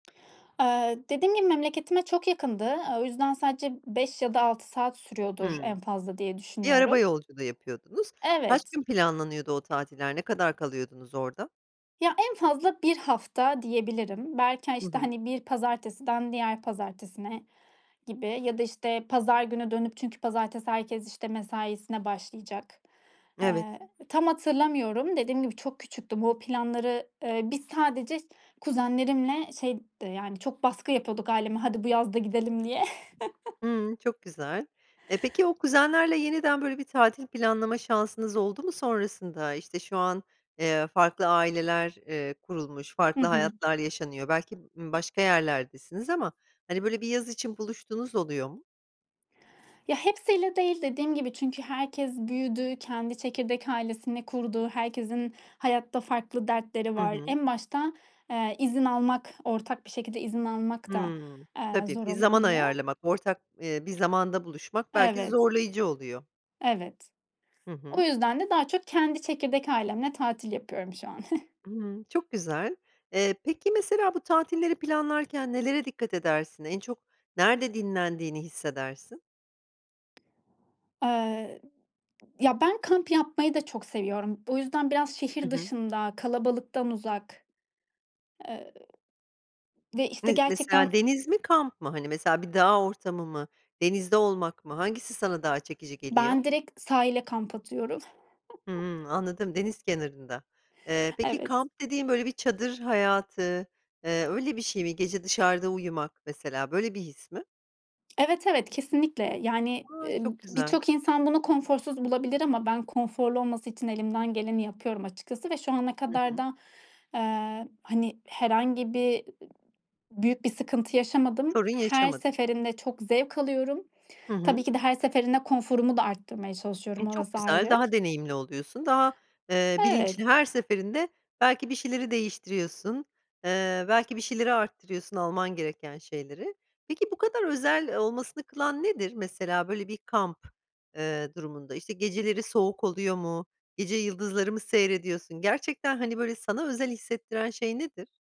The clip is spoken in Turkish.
Eee, dediğim gibi, memleketime çok yakındı. Iıı, o yüzden sadece 5 ya da 6 saat sürüyordur Hımm. en fazla diye Bir düşünüyorum. araba yolculuğu yapıyordunuz. Kaç Evet. gün planlanıyordu o tatiller, ne kadar kalıyordunuz orada? Ya, en fazla 1 hafta diyebilirim. Belki ha Hı işte, hı. hani, bir pazartesiden diğer pazartesine gibi ya da, işte, pazar günü dönüp çünkü pazartesi herkes, işte, mesaisine başlayacak. Evet. Iıı, tam hatırlamıyorum. Dediğim gibi, çok küçüktüm. O planları, ııı, biz sadece iş kuzenlerimle şey d yani çok baskı yapıyorduk aileme hadi bu yaz da gidelim diye. Hımm, çok güzel. E, peki, o kuzenlerle yeniden böyle bir tatil planlama şansınız oldu mu sonrasında? İşte, şu an, eee, farklı aileler, eee, kurulmuş, Hı farklı hı. hayatlar yaşanıyor, belki, ımm, başka yerlerdesiniz ama, hani, böyle bir yaz için buluştuğunuz oluyor mu? Ya, hepsiyle değil Dediğim gibi, çünkü herkes büyüdü, kendi çekirdek ailesini kurdu, herkesin hayatta farklı dertleri Hı var. hı. En başta, ııı, izin almak, ortak bir şekilde izin almak da, Hımm. aaa, Tabii zor bir zaman olabiliyor. ayarlamak ortak, eee, bir zamanda buluşmak belki Evet. zorlayıcı oluyor. Evet. Hı O hı. yüzden de daha çok kendi çekirdek ailemle tatil yapıyorum şu an. Imm. Çok güzel. Eee, peki, mesela bu tatilleri planlarken nelere dikkat edersin? En çok nerede dinlendiğini hissedersin? Aaa, ya, ben kamp yapmayı da çok seviyorum. O yüzden biraz Hı şehir hı. dışında, kalabalıktan uzak, ııı, ve, işte, Ne, gerçekten mesela, deniz mi, kamp mı, hani, mesela, bir dağ ortamı mı, denizde olmak mı hangisi sana daha çekici Ben geliyor? direkt sahile kamp atıyorum. Hımm. Anladım deniz kenarında. Iıı, peki, Evet. kamp dediğin böyle bir çadır hayatı, ııı, öyle bir şey mi, gece dışarıda uyumak mesela böyle bir his mi? Evet, evet, kesinlikle. Yani, A, çok ııı, güzel. birçok insan bunu konforsuz bulabilir ama ben konforlu olması için elimden geleni yapıyorum açıkçası ve şu ana Hı kadar hı. da, ııı, hani, herhangi bir büyük bir sıkıntı yaşamadım. Sorun Her yaşamadın. seferinde çok zevk alıyorum. Hı Tabii hı. ki de her seferinde konforumu da arttırmaya E, çalışıyorum çok orası güzel. ayrı. Daha deneyimli oluyorsun, daha, ııı, bilinçli... Evet. Her seferinde belki bir şeyleri değiştiriyorsun, ııı, belki bir şeyleri arttırıyorsun alman gereken şeyleri. Peki, bu kadar özel olmasını kılan nedir? Mesela böyle bir kamp, ııı, durumunda, işte, geceleri soğuk oluyor mu, gece yıldızları mı seyrediyorsun? Gerçekten, hani, böyle sana özel hissettiren şey nedir?